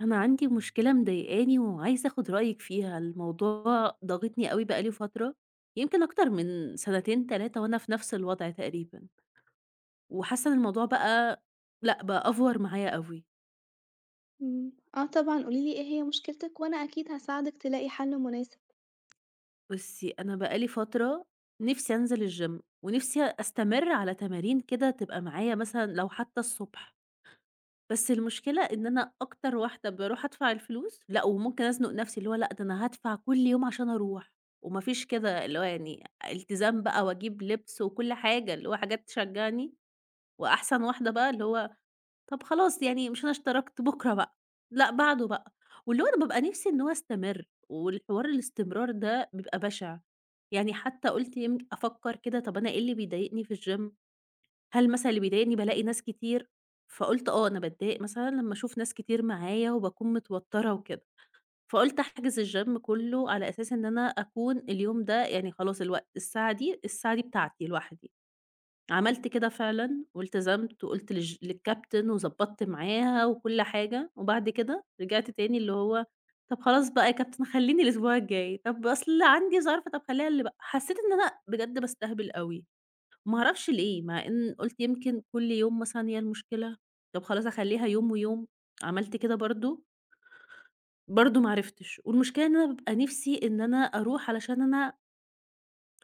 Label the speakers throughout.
Speaker 1: أنا عندي مشكلة مضايِقاني وعايزة آخُد رأيِك فيها. الموضوع ضاغطني أوي، بقى لي فترة يمكن أكتر من سنتين 3 وأنا في نفس الوضع تقريبًا، وحاسَّة إن الموضوع بقى لأ بقى، أفوَّر معايا أوي.
Speaker 2: إمم، آه طبعًا، قُولِي لي إيه هي مشكلتِك وأنا أكيد هاساعدِك تلاقي حل مناسب.
Speaker 1: بُصي، أنا بقى لي فترة نفسي أنزل الgym، ونفسي أستمرّ على تمارين كده تبقى معايا، مثلًا لو حتى الصبح. بس المشكلة إن أنا أكتر واحدة بارُوح أدفع الفلوس، لأ، وممكن أزنّق نفسي، اللي هو لأ، ده أنا هادفع كل يوم عشان أرُوح، وما فيش كده اللي هو يعني التزام بقى. وأجيب لِبس وكل حاجة، اللي هو حاجات تشجّعني، وأحسن واحدة بقى اللي هو طَب خلاص يعني، مش أنا اشتركت، بُكرة بقى، لا، بعده بقى. واللي هو أنا بابقى نفسي إنه هو يستمِرّ، والحوار الاستمرار ده بيبقى بشع، يعني حتى قُلت يمك أفكر كده، طب أنا إيه اللي بيضايِقني في الgym؟ هل مثلًا اللي بيضايِقني بالاقي ناس كتير؟ فقُلت: "آه، أنا باتضايَق مثلًا لمَّا أشوف ناس كتير معايا وباكون متوتِّرة وكده." فقُلت أحجُز الgym، كله، على أساس إن أنا أكون، اليوم ده يعني خلاص الوقت الساعة دي الساعة دي بتاعتي لوحدي. عملت كده فعلًا والتزَمت، وقُلت للج للcaptain، وضبَطت معاها وكل حاجة. وبعد كده رجَعت تاني، اللي هو: "طَب خلاص بقى يا captain، خلِّيني الأسبوع الجاي، طب أصل عندي ظرف، طَب خلِّيها اللي ب" حسِّيت أنا بجد باستهبَل أوي، ما أعرفش ليه، مع إن قُلت يمكن كل يوم مثلًا هي المشكلة، طب خلاص أخلِّيها يوم ويوم، عملت كده برضه. برضه ما عرفتش. والمشكلة أنا بابقى نفسي إن أنا أروح علشان أنا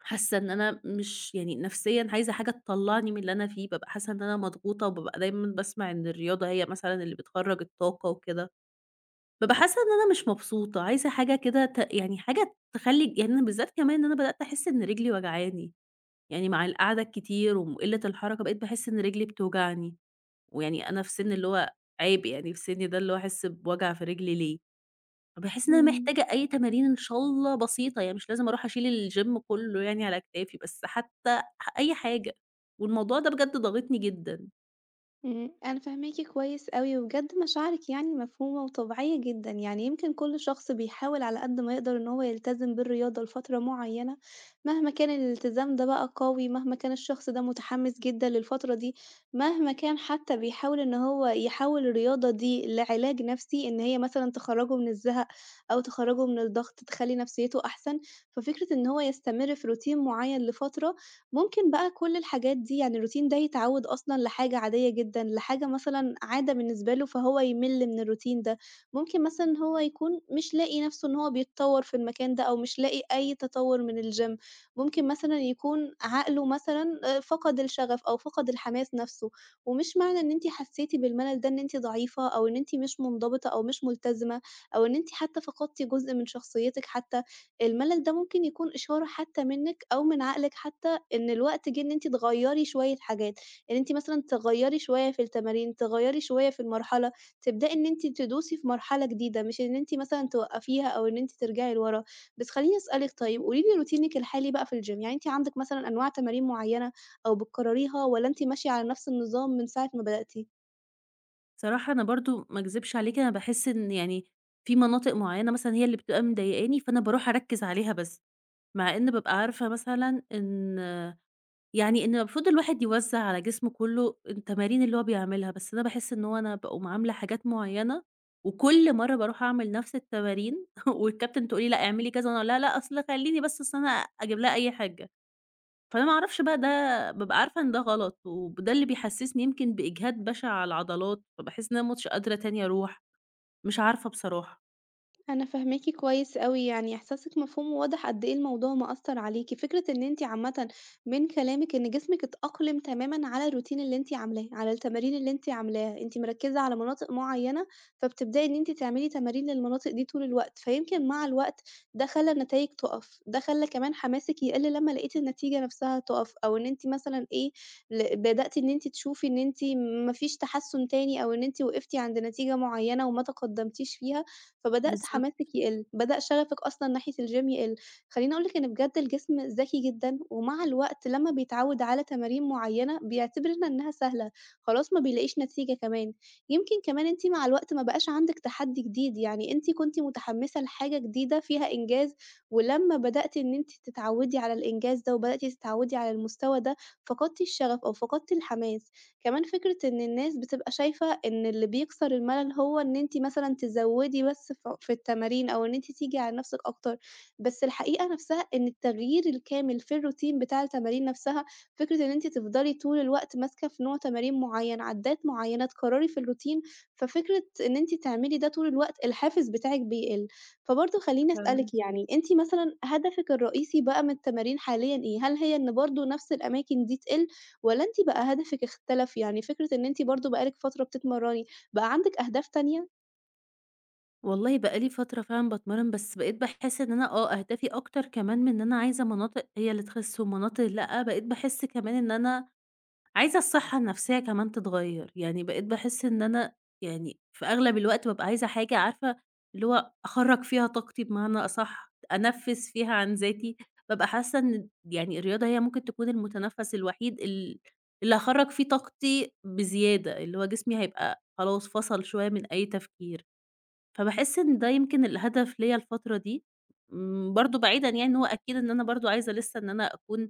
Speaker 1: حاسَّة إن أنا مش يعني، نفسيًا عايزة حاجة تطلَعِني من اللي أنا فيه. بابقى حاسَّة إن أنا مضغوطة، وبابقى دايمًا باسمَع إن الرياضة هي مثلًا اللي بتخرّج الطاقة وكده. بابقى حاسَّة إن أنا مش مبسوطة، عايزة حاجة كده ت يعني، حاجة تخلِّي يعني أنا بالذات كمان، إن أنا بدأت أحس إن رجلِي واجعاني، يعني مع القعدة الكتير وقِلَّة الحركة، بقيت باحس إن رجلِي بتوجعني، ويعني أنا في سنّ، اللي هو عيب يعني في سِنِّي ده، اللي هو أحس بوجع في رِجلِي ليه؟ فباحس إن أنا
Speaker 2: إمم.
Speaker 1: محتاجة أي تمارين، إن شاء الله بسيطة يعني، مش لازِم أرُوح أشيل الgym كله يعني على كتافي، بس حتى أح أي حاجة. والموضوع ده بجد ضاغطني جدًا.
Speaker 2: إمم، أنا فاهماكِ كويس أوي، وبجد مشاعرِك يعني مفهومة وطبيعيّة جدًا، يعني يمكن كل شخص بيحاول على قد ما يقدر إن هو يلتزم بالرياضة لفترة معيّنة، مهما كان الالتزام ده بقى قوي مهما كان الشخص ده مُتحمس جدًا للفترة دي، مهما كان حتى بيحاول إن هو يحوّل الرياضة دي لعلاج نفسي، إن هي مثلًا تخرّجه من الزَهق أو تخرّجه من الضغط تخلّي نفسيّته أحسن، ففكرة إن هو يستمر في Routine معيّن لفترة، ممكن بقى كل الحاجات دي يعني الRoutine ده يتعوّد أصلًا لحاجة عاديّة جدًا، لحاجة مثلًا عادة بالنسبة له فهو يمِل من الRoutine ده، ممكن مثلًا هو يكون مش لاقي نفسه إن هو بيتطوّر في المكان ده أو مش لاقي أي تطوّر من الgym ممكن مثلًا يكون عقله مثلًا فقد الشغف أو فقد الحماس نفسه، ومش معنى إن أنتِ حسّيتِ بالملل ده إن أنتِ ضعيفة أو إن أنتِ مش منضبطة أو مش ملتزمة أو إن أنتِ حتى فقدتِ جزء من شخصيتِك حتى، الملل ده ممكن يكون إشارة حتى منِّك أو من عقلِك حتى إن الوقت جِه إن أنتِ تغيّري شوية حاجات، إن أنتِ مثلًا تغيّري شوية في التمارين، تغيّري شوية في المرحلة، تبدأي إن أنتِ تدوسي في مرحلة جديدة مش إن أنتِ مثلًا توقّفيها أو إن أنتِ ترجعي لوَرا. بس خلّيني أسألِك طيب قولي لي روتينك الحالي بقى في الgym يعني أنتِ عندِك مثلًا أنواع تمارين معيّنة أو بتقرريها والّا أنتِ ماشية على نفس النظام من ساعة ما بدأتِ؟
Speaker 1: صراحة أنا برضه ما أكذِبش عليكِ أنا باحِس إن يعني في مناطق معيّنة مثلًا هي اللي بتبقى مضايقاني، فأنا باروح أركِّز عليها بس. مع إنّ بابقى عارفة مثلًا إن يعني إن المفروض الواحد يوزَّع على جسمه كُلّه التمارين اللي هو بيعملها، بس أنا باحِس إن هو أنا باقوم عاملة حاجات معيّنة وكل مرّة باروح أعمل نَفْس التمارين والكابتن تقول لي: "لأ، اعملي،" كذا. وأنا أقول لها: "لأ، أصل خلّيني بس أصل أنا" أجيب لها أي حِجّة. فأنا ما أعرفش بقى ده، بابقى عارفة إن ده غلط وب ده اللي بيحسِّسني يمكن بإجهاد بَشِع على العضلات، فباحِس إن أنا مش قادرة تاني أروح، مش عارفة بصراحة.
Speaker 2: أنا فاهماكِ كويس أوي، يعني إحساسِك مفهوم وواضح قد إيه الموضوع مأثّر عليكِ. فكرة إن أنتِ عامةً من كلامِك إن جسمِك اتأقلِم تمامًا على الروتين اللي أنتِ عاملاه، على التمارين اللي أنتِ عاملاها. أنتِ مركّزة على مناطق معيّنة، فبتبدئي إن أنتِ تعملي تمارين للمناطق دي طول الوقت، فيمكن مع الوقت ده خلّى النتايج تُقَف، ده خلّى كمان حماسِك يقل لمّا لقيتِ النتيجة نفسها تُقَف أو إن أنتِ مثلًا إيه، ل بدأتِ إن أنتِ تشوفي إن أنتِ ما فيش تحَسُّن تاني أو إن أنتِ وقفتِ عند نتيجة معيّنة وما تقدَّمتيش فيها، فبدأت
Speaker 1: بالضبط.
Speaker 2: حماسِك يقِل، بدأ شَغفِك أصلًا ناحية الgym يقِل. خلّيني أقول لِك إن بجد الجسم ذكي جدًا ومع الوقت لمّا بيتعوّد على تمارين معيّنة، بيعتبر إن إنّها سهلة، خلاص ما بيلاقيش نتيجة كمان. يمكن كمان أنتِ مع الوقت ما بقاش عندِك تَحدّي جديد، يعني أنتِ كنتِ مُتحمِّسة لحاجة جديدة فيها إنجاز ولمّا بدأتِ إن أنتِ تتعوِّدي على الإنجاز ده وبدأتِ تتعوِّدي على المستوى ده، فقدتِ الشَغف أو فقدتِ الحماس. كمان فكرة إن الناس بتبقى شايفة إن اللي بيكسر المَلَل هو إن أنتِ مثلًا تزوِّدي بس ف في التمارين أو إن أنتِ تيجي على نَفْسِك أكتر. بس الحقيقة نَفْسها إن التغيير الكامل في الروتين بتاع التمارين نَفْسها، فكرة إن أنتِ تفضلي طول الوقت ماسكة في نوع تمارين معيّن، عدّات معيّنة تكرّري في الروتين، ففكرة إن أنتِ تعملي ده طول الوقت، الحافز بتاعِك بيقل. فبرضه
Speaker 1: [unintelligible]
Speaker 2: خلّيني
Speaker 1: فعلًا.
Speaker 2: أسألِك، يعني أنتِ مثلًا هدفِك الرئيسي بقى من التمارين حاليًا إيه؟ هل هي إن برضه نفس الأماكن دي تقِل والّا أنتِ بقى هدفِك اختلف؟ يعني فكرة إن أنتِ برضه بقى لِك فترة بتتمرّني، بقى عندِك أهداف تانية؟
Speaker 1: والله بقى لي فترة فعلًا باتمرّن، بس بقيت باحس إن أنا، آه أهدافي أكتر كمان من إن أنا عايزة مناطق هي اللي تخِس ومناطق لأ، بقيت باحس كمان إن أنا عايزة الصحّة النفسيّة كمان تتغيّر، يعني بقيت باحس إن أنا يعني في أغلب الوقت بابقى عايزة حاجة عارفة اللي هو أخرّج فيها طاقتي بمعنى أصح، ت أنفِّس فيها عن ذاتي، بابقى حاسّة إن د يعني الرياضة هي ممكن تكون المُتنفَّس الوحيد ال اللي هاخرّج فيه طاقتي بزيادة، اللي هو جسمي هيبقى خلاص فصَل شوية من أي تفكير، فباحس إن ده يمكن الهدف ليَّ الفترة دي، م برضه بعيدًا يعني إن هو أكيد إن أنا برضه عايزة لسه إن أنا أكون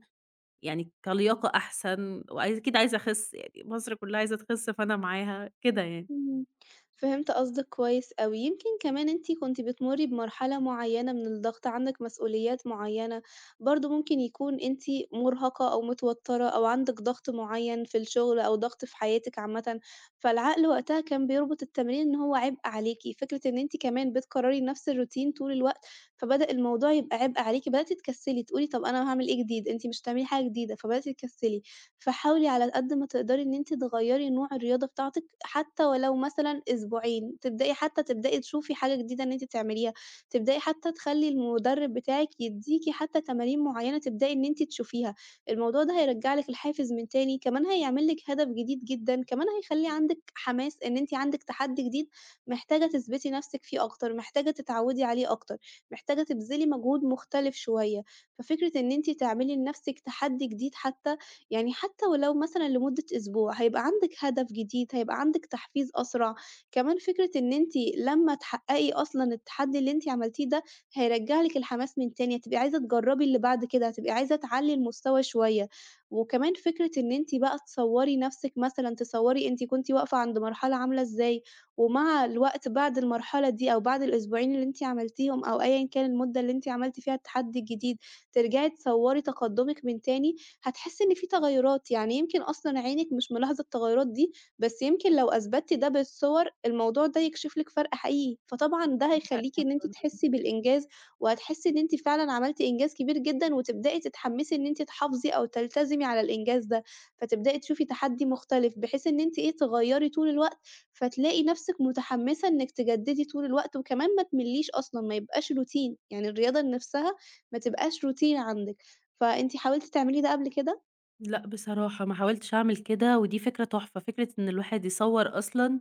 Speaker 1: يعني كلياقة أحسن وعايز أكيد عايزة أخِس، يعني مصر كلّها عايزة تخِس فأنا معاها، كده يعني.
Speaker 2: إمم. فهِمت قصدِك كويس أوي، يمكن كمان أنتِ كنتِ بتمُرّي بمرحلة معيّنة من الضغط، عندِك مسؤوليات معيّنة، برضه ممكن يكون أنتِ مُرهَقة أو متوتّرة أو عندِك ضغْط معيّن في الشغل أو ضغْط في حياتِك عامةً، فالعقل وقتها كان بيربُط التمرين إن هو عِبء عليكِ، فكرة إن أنتِ كمان بتكرّري نَفس الروتين طول الوقت فبدأ الموضوع يبقى عِبء عليكِ، بدأتِ تكسّلي تقولي: "طَب أنا هاعمل إيه جديد؟ أنتِ مش هتعملي حاجة جديدة." فبدأتِ تكسّلي، فحاولي على القد ما تقدَري إن أنتِ تغيّري نوع الرياضة بتاعتِك حتى ولو مثلًا أسبوعين، تبدئي حتى تبدئي تشوفي حاجة جديدة إن أنتِ تعمليها، تبدئي حتى تخلّي المُدرِّب بتاعِك يدّيكِ حتى تمارين معيّنة تبدئي إن أنتِ تشوفيها، الموضوع ده هيرجّع لِك الحافِز من تاني، كمان هيعمل لِك هدف جديد جدًا، كمان هيخلّي عندِك حماس إن أنتِ عندِك تحدّي جديد محتاجة تثبِتي نفسِك فيه أكتر، محتاجة تتعوّدي عليه أكتر، محتاجة تبذلي مجهود مختلِف شوية، ففكرة إن أنتِ تعملي لنفسِك تحدّي جديد حتى، يعني حتى ولو مثلًا لمدة أسبوع هيبقى عَندِك هدف جديد، هيبقى عَندِك تحفيز أسرع، كمان فكرة إن أنتِ لما تحقّقي أصلًا التحدّي اللي أنتِ عملتيه ده، هيرجّع لِك الحماس من تاني، هتبقي عايزة تجرّبي اللي بعد كده، هتبقي عايزة تعلّي المستوى شوية وكمان فكرة إن أنتِ بقى تصوّري نفسِك مثلًا، تصوّري أنتِ كنتِ واقفة عند مرحلة عاملة إزاي ومع الوقت بعد المرحلة دي أو بعد الأسبوعين اللي أنتِ عملتيهم أو أيًا كان المدّة اللي أنتِ عملتِ فيها التحدي الجديد ترجَعي تصوّري تقدُّمِك من تاني، هتحسّي إن في تغيّرات، يعني يمكن أصلًا عينِك مش ملاحظة التغيّرات دي، بس يمكن لو أثبتتِ ده بالصور الموضوع ده يكشِف لِك فرْق حقيقي، فطبعًا ده هيخلّيكِ إن أنتِ
Speaker 1: [unintelligible]
Speaker 2: تحسّي بالإنجاز وهتحسّي إن أنتِ فعلًا عملتِ إنجاز كبير جدًا وتبدئي تتحمّسي إن أنتِ تحافظي أو تلتزمي على الإنجاز ده، فتبدئي تشوفي تحدّي مختلِف، بحيث إن أنتِ إيه، تغيّري طُول الوقت، فتلاقي نفسِك متحمِّسة إنِّك تجدّدي طول الوقت وكمان ما تملّيش أصلًا ما يبقاش روتين يعني الرياضة ان نَفسها ما تبقاش روتين عندِك، فأنتِ حاولتِ تعملي ده قبل كده؟
Speaker 1: لأ، بصراحة ما حاولتش أعمِل كده، ودي فكرة تُحفة، فكرة إن الواحد يصَوَّر أصلًا،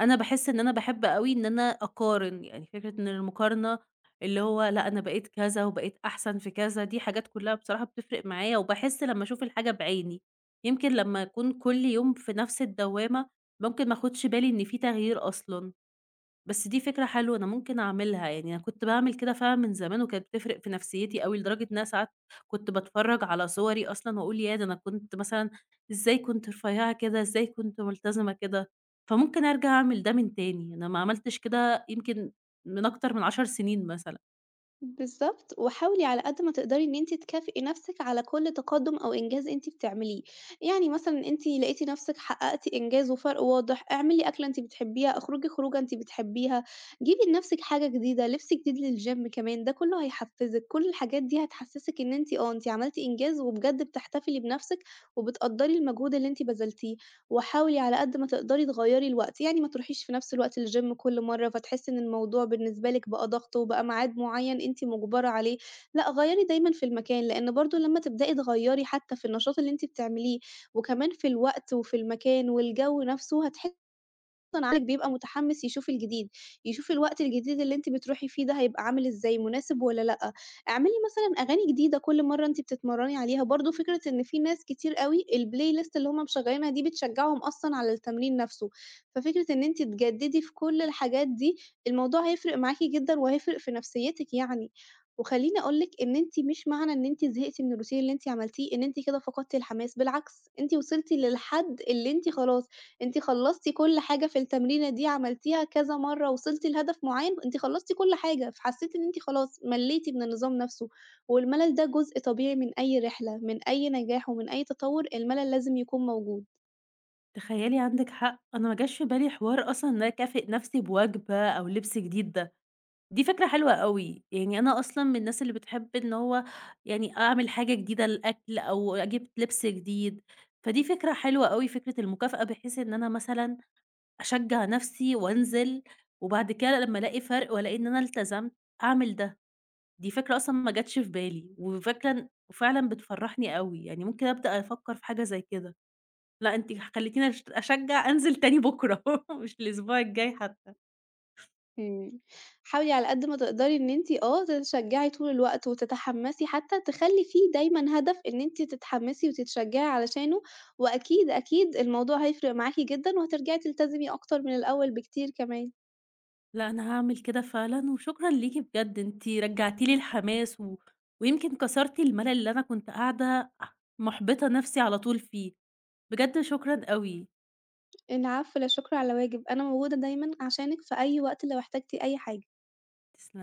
Speaker 1: أنا باحِسّ إن أنا باحب أوي إن أنا أقارِن، يعني فكرة إن المقارنة اللي هو لأ، أنا بقيت كذا، وبقيت أحسن في كذا، دي حاجات كُلّها بصراحة بتفرِق معايا، وباحِسّ لمّا أشوف الحاجة بِعِيني، يمكن لمّا أكون كُلّ يوم في نفس الدّوّامة، ممكن ما آخُدش بالي إن في تَغيير أصلًا، بس دي فكرة حلوة أنا ممكن أعمِلها، يعني أنا كنت باعمِل كده فعلًا من زمان وكانت بتفرِق في نفسيتي أوي، لدرجة إن أنا ساعات كنت باتفرَّج على صُوَري أصلًا، وأقول ياه! ده أنا كنت مثلًا إزاي كنت رفيعة كده؟ إزاي كنت مُلتزِمة كده؟ فممكن أرجَع أعمل ده من تاني، أنا ما عملتِش كده يمكن من أكتر من 10 سنين مثلًا.
Speaker 2: بالضبط، وحاولي على قد ما تقدري إن أنتِ تكافئي نفسِك على كُلّ تَقدُّم أو إنجاز أنتِ بتعمليه، يعني مثلًا أنتِ لقيتِ نفسِك حقّقتِ إنجاز وفرق واضح، اعمِلي أكلة أنتِ بتحبيها، اخرُجي خروجة أنتِ بتحبيها، جيبي لنفسِك حاجة جديدة، لِبس جديد للGym كمان، ده كُلّه هيحفّزِك، كُلّ الحاجات دي هتحسّسِك إن أنتِ آه، أنتِ عملتِ إنجاز، وبجد بِتحتِفلي بنفسِك، وبتقدّري المجهود اللي أنتِ بذلتيه، وحاولي على قد ما تقدري تغيَّري الوقت، يعني ما تروحيش في نفس الوقت الGym كُلّ مَرَّة، فتحسي إن الموضوع بالنسبة لِك بقى ضغط، وبقى معاد مُعيّن أنتِ مُجبرة عليه لأ، غيَّري دايمًا في المكان، لإن برضه لمّا تِبدَئي تغيَّري حتى في النشاط اللي أنتِ بتعمليه، وكمان في الوقت وفي المكان والجو نفسُه، هتح [unintelligible] الواحد بيبقى مُتحمِس يشوف الجديد، يشوف الوقت الجديد اللي أنتِ بتروحي فيه ده هيبقى عامل إزاي؟ مُناسِب والّا لأ، اعملي مثلًا أغاني جديدة كُلّ مَرَّة أنتِ بتِتمَرَّني عليها، برضه فكرة إن في ناس كتير أوي الPlayList اللي هُم مِشغَّلينها دي بتشجعهُم أصلًا على التمرين نفسه، ففكرة إن أنتِ تِجَدِّدي في كُلّ الحاجات دي، الموضوع هيفرق معاكِ جدًا، وهيفرِق في نفسيتِك يعني، وخَلّيني أقول لِك إن أنتِ مش معنى إن أنتِ زهِقتي من الRoutine اللي أنتِ عملتيه، إن أنتِ كده فقدتِ الحماس، بالعكس أنتِ وِصِلتِ للحد اللي أنتِ خلاص، أنتِ خلَّصتِ كُلّ حاجة في التمرينة دي، عَملتيها كذا مَرَّة، وِصِلتِ لهدف مُعيّن، أنتِ خلَّصتِ كُلّ حاجة، فحسِّيتِ إن أنتِ خلاص مَلِّيتِ من النظام نفسُه، والمَلَل ده جُزء طبيعي من أي رحلة، من أي نجاح ومن أي تَطوُّر، المَلَل لازم يكون موجود.
Speaker 1: تخيّلي عندِك حق، أنا ما جاش في بالي حوار أصلًا إن أنا أكافئ نفسي بوجبة، أو لِبس جديد ده، دي فكرة حلوة أوي، يعني أنا أصلًا من الناس اللي بتحب إن هو يعني أعمل حاجة جديدة للأكل، أو أجيب لبس جديد، فدي فكرة حلوة أوي، فكرة المُكافأة، بحيث إن أنا مثلًا أشجع نفسي وأنزِل، وبعد كده لمّا ألاقي فرق، وألاقي إن أنا إلتزمت أعمل ده، دي فكرة أصلًا ما جاتش في بالي، وفكرة إن وفعلًا بتفرّحني أوي، يعني ممكن أبدأ أفكر في حاجة زي كده لأ، أنتِ خلّيتيني أش أشجع أنزِل تاني بكرة، مش الأسبوع الجاي حتّى.
Speaker 2: إمم، حاولي على قد ما تقدري إن أنتِ آه، تتشجّعي طول الوقت وتتحمّسي حتّى، تخلّي فيه دايمًا هدف إن أنتِ تتحمّسي وتتشجّعي علشانه، وأكيد، أكيد الموضوع هيفرق معاكِ جدًا، وهترجعي تلتزمي أكتر من الأول بكتير كمان.
Speaker 1: لأ، أنا هاعمل كده فعلًا، وشكرًا ليكِ بجد، أنتِ رَجّعتِ لي الحماس، و ويمكن كسرتِ الملل اللي أنا كنت قاعدة مُحبطة نفسي على طول فيه، بجد شكرًا أوي.
Speaker 2: العفو، لا شكر على واجب، أنا موجودة دايمًا عشانِك في أي وقت، لو احتاجتِ أي حاجة.
Speaker 1: تسلم